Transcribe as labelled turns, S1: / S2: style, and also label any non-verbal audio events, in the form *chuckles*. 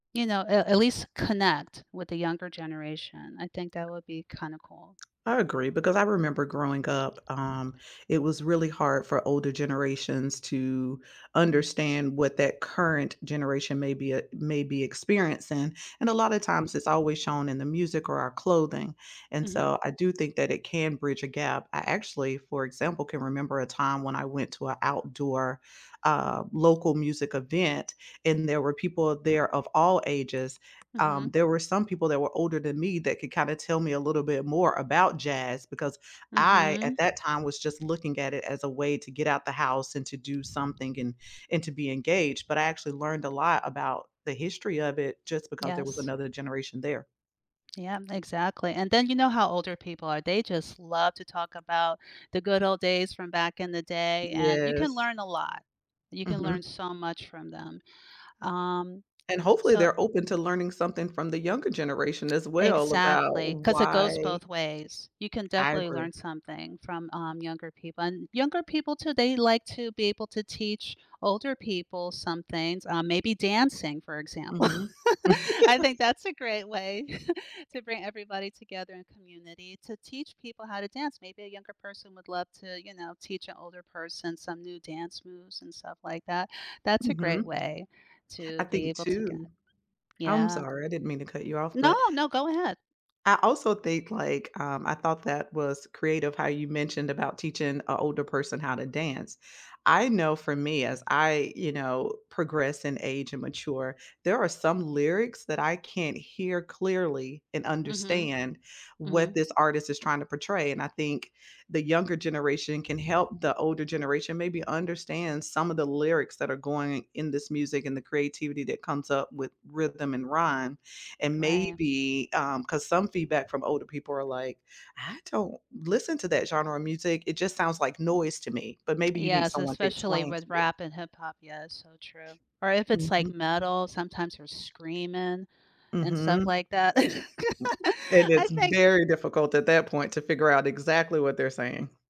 S1: You know, a at least connect with the younger generation, I think that would be kinda cool.
S2: I agree, because I remember growing up, um, it was really hard for older generations to understand what that current generation may be e may be experiencing and a lotta times it's always shown in the music or our clothing, and
S1: Mhm.
S2: so I do think that it can bridge a gap. I actually, for example, can remember a time when I went to a outdoor, um, local music event and there were people of there of all ages.
S1: Mhm.
S2: Um, there were some people that were older than me that could kinda tell me a little bit more about jazz because I, at
S1: Mhm.
S2: that time, was just looking at it as a way to get out the house and to do something and and to be engaged, but I actually learned a lot about the history of it just because there was
S1: Yes.
S2: another generation there.
S1: Yeah, exactly, and then you know how older people are, they just love to talk about the good old days from back in the day, and you can
S2: Yes.
S1: learn a lot. You can learn
S2: Mhm.
S1: so much from them, um,
S2: And hopefully
S1: so
S2: they're open to learning something from the younger generation as well about
S1: Exactly, 'cause it goes
S2: why
S1: both ways. You can
S2: I
S1: definitely
S2: agree.
S1: learn something from, um, younger people, and younger people too they like to be able to teach older people some things, uh, maybe dancing, for example.
S2: Mhm.
S1: *chuckles* I
S2: *laughs*
S1: think that's a great way *chuckles* to bring everybody together in community to teach people how to dance. Maybe a younger person would love to, you know, teach an older person some new dance moves and stuff like that. That's a great
S2: Mhm.
S1: way
S2: I
S1: to be
S2: think
S1: able to get
S2: too I'm
S1: yeah.
S2: sorry, I didn't mean to cut you off,
S1: No,
S2: but
S1: no, go ahead.
S2: I also think, like um, I thought that was creative how you mentioned about teaching an older person how to dance. I know for me as I, you know, progress and age and mature, there are some lyrics that I can't hear clearly and
S1: Mhm.
S2: understand what
S1: Mhm.
S2: this artist is trying to portray, and I think the younger generation can help the older generation maybe understand some of the lyrics that are going in this music and the creativity that comes up with rhythm and rhyme, and
S1: Right.
S2: maybe um, 'cause some feedback from older people are like, "I don't listen to that genre of music, it just sounds like noise to me," but maybe you need
S1: Yes,
S2: someone to
S1: especially
S2: explain to
S1: with
S2: you.
S1: rap and hip hop, yeah, so true. Or if it's, like,
S2: Mhm.
S1: metal, sometimes we're screaming and stuff
S2: Mhm.
S1: like that.
S2: And
S1: *laughs* I
S2: it's
S1: think
S2: very difficult at that point to figure out exactly what they're saying.